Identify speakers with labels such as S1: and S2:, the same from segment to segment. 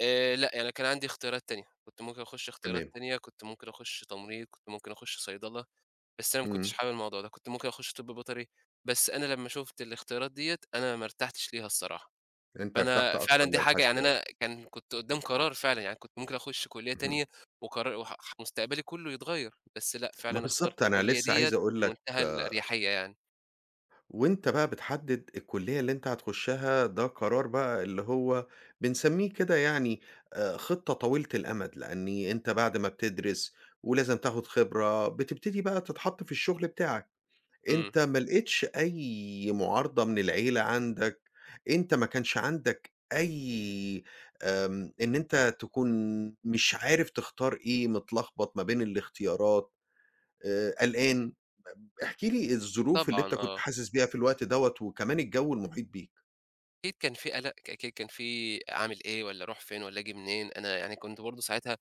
S1: آآ لأ، يعني كان عندي اختيارات تانية. كنت ممكن أخُش اختيارات
S2: تمام.
S1: تانية، كنت ممكن أخُش تمريض، كنت ممكن أخُش صيدلة، بس أنا ما كنتش
S2: إمم.
S1: حابب الموضوع ده. كنت ممكن أخُش طِب بيطري، بس أنا لمّا شُفت الاختيارات دِيّة، أنا ما ارتحتش ليها الصراحة.
S2: فأنت ارتحت
S1: فأنا فعلًا
S2: أكتر
S1: دي حاجة يعني
S2: للحاسِبات.
S1: أنا كان كنت قُدّام قرار فعلًا، يعني كنت ممكن أخُش كُلّية
S2: اهم.
S1: تانية وقرا وح ح مستقبلي كُلّه يتغيّر، بس لأ
S2: ما
S1: فعلًا اخترت
S2: بالضبط، أنا
S1: الكُلّية
S2: لسّه
S1: دِيّة
S2: عايز أقول لك
S1: بمنتهى الأريحيّة يعني.
S2: وأنت بقى بتحدِّد الكُلّية اللي أنت هتخشّها ده قرار بقى اللي هو بنسمّيه كده يعني آآ خِطّة طويلة الأمَد، لإنّي أنت بعد ما بتدرِس ولازم تاخُد خبرة، بتبتدي بقى تتحَط في الشُغل بتاعك.
S1: إمم.
S2: أنت ما لقيتش أي مُعارضة من العيلة عندك، أنت ما كانش عندك أي آمم إن أنت تكون مش عارف تختار إيه، متلخبط ما بين الاختيارات، آآ قلقان، بب احكِ لي الظروف اللي
S1: طبعًا
S2: أنت كنت
S1: آه.
S2: حاسِس بيها في الوقت دوّة وكمان الجَو المحيط بيك؟
S1: أكيد كان في قَلَق، ك ك كان فيه أعمل إيه والّا أروح فين والّا آجي منين؟ أنا يعني كنت برضه ساعتها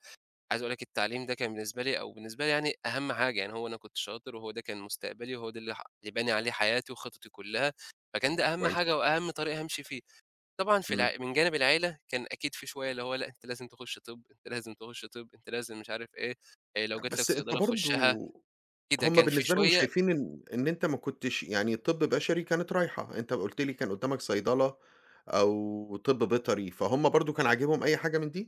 S1: عايز أقول لك التعليم ده كان بالنسبة لي أو بالنسبة لي يعني أهَم حاجة، يعني هو أنا كنت شاطر وهو ده كان مستقبلي وهو ده اللي ح اللي باني عليه حياتي وخططي كُلّها، فكان ده أهَم
S2: كويس.
S1: حاجة وأهَم طريق هامشي فيه. طبعًا في
S2: إمم.
S1: الع من جانب العيلة، كان أكيد فيه شوية اللي هو لأ، أنت لازم تخُش طِب، أنت لازم تخُش طِب، أنت لازم مش عارف إيه، آآ لو
S2: طَب
S1: جات لك
S2: بس أنت
S1: صيدلة
S2: برضه
S1: خُشّها كده،
S2: هم
S1: كان في
S2: بالنسبة لهم
S1: شوية
S2: شايفين إن إن أنت ما كنتش يعني طِب بشري كانت رايحة، أنت قُلت لي كان قُدّامك صيدلة أو طِب بيطري، فهُم برضه كان عاجبهم أي حاجة من دي؟